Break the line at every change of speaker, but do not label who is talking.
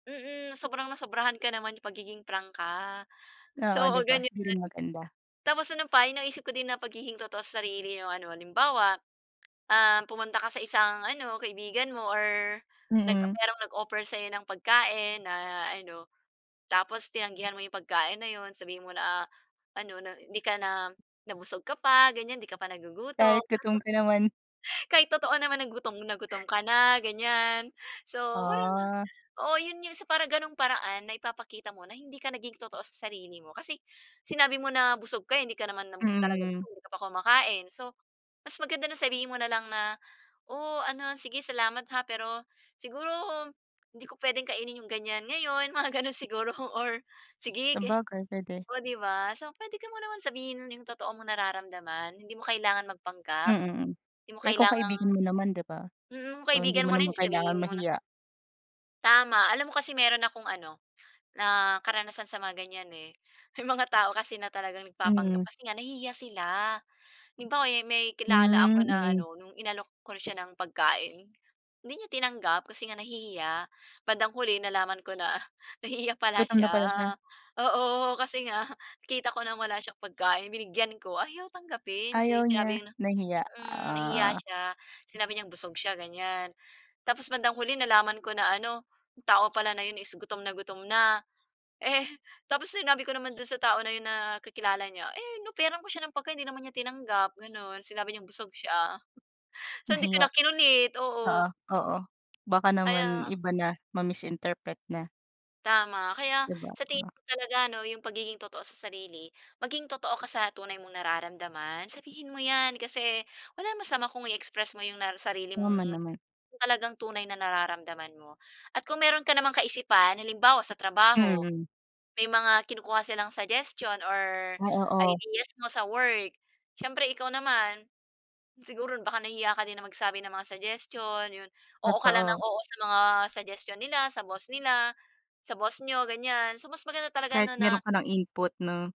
Mm. Sobrang nasobrahan ka naman yung pagiging prangka.
Oo,
So,
di
oo,
ba.
ganyan.
Hindi maganda.
Tapos ano pa yung naisip ko din na pagiging totoo sa sarili yung ano, halimbawa, um, pumunta ka sa isang ano kaibigan mo or nag
Mm.
merong nag-offer sa'yo ng pagkain na ano, tapos tinanggihan mo yung pagkain na yun. Sabihin mo na ah, ano na hindi ka na na busog ka pa, ganyan. Hindi ka pa nagugutom.
Kahit gutom ka naman.
Kahit totoo naman na gutom na gutom ka na, ganyan. So parang,
Ah.
oo. Yun yung sa para ganung paraan na ipapakita mo na hindi ka naging totoo sa sarili mo kasi sinabi mo na busog ka, hindi ka naman
Mm,
talaga
mm.
busog, hindi ka pa kumakain. So, mas maganda na sabihin mo na lang na, o ano sige salamat ha, pero siguro hindi ko pwedeng kainin yung ganyan ngayon, mga gano'n siguro or sige, ga
Sabagay, pwede.
o di ba. So pwede ka mo naman sabihin yung totoo mong nararamdaman. Hindi mo kailangan magpanggap,
Mm, hmm.
di mo
Eh, kung
kailangang
kaibigan mo naman, di ba?
Mm, kung
Oh, hindi mo
kaibigan mo na
naman
yun, di
kailangang
sabihin mo na.
mahiya.
Tama. Alam mo kasi meron akong ano, na karanasan sa mga ganyan, eh. May mga tao kasi na talagang nagpapanggap
Mm.
kasi nga nahihiya sila. Halimbawa, yung may kilala ako
Hmm,
na
mm.
ano, no'ng inalok ko siya ng pagkain, hindi niya tinanggap kasi nga nahihiya. Bandang huli nalaman ko na nahihiya pala
Gutom na
siya,
pala siya.
oo. Kasi nga kita ko nang wala siyang pagkain, binigyan ko. Ayaw tanggapin
Ayaw
si
niya.
sinabi na,
Nahiya,
hmm, nahiya
ah.
siya. Sinabi niyang busog siya, ganyan. Tapos bandang huli nalaman ko na ano, yung tao pala na yun is gutom na gutom na. Eh tapos sinabi ko naman dun sa tao na yun na kakilala niya eh, "In-offeran ko siya ng pagkain, hindi naman niya tinanggap, gano'n. Sinabi niyang busog siya." So, hindi ko
Nahiya.
na kinulit,
Oo,
oo.
oo. Baka naman
Kaya
iba na, ma-misinterpret niya.
Tama. Kaya
Di ba
sa tingin
nga?
ko talaga ano yung pagiging totoo sa sarili, maging totoo ka sa tunay mong nararamdaman. Sabihin mo yan kasi walang masama kung i-express mo na yung sarili
Tama
mong
naman.
talagang tunay na nararamdaman mo. At kung meron ka namang kaisipan, halimbawa, sa trabaho
Mhm.
may mga kinukuha silang suggestion or
Ah, oo.
ideas mo sa work, siyempre ikaw naman, siguro baka nahihiya ka din ng magsabi ng mga suggestion, yun. Oo ka lang ng
Totoo.
oo sa mga suggestion nila, sa boss nila, sa boss niyo, ganyan. So, mas maganda talaga
Kahit
ano
meron
na
ka ng input, 'no?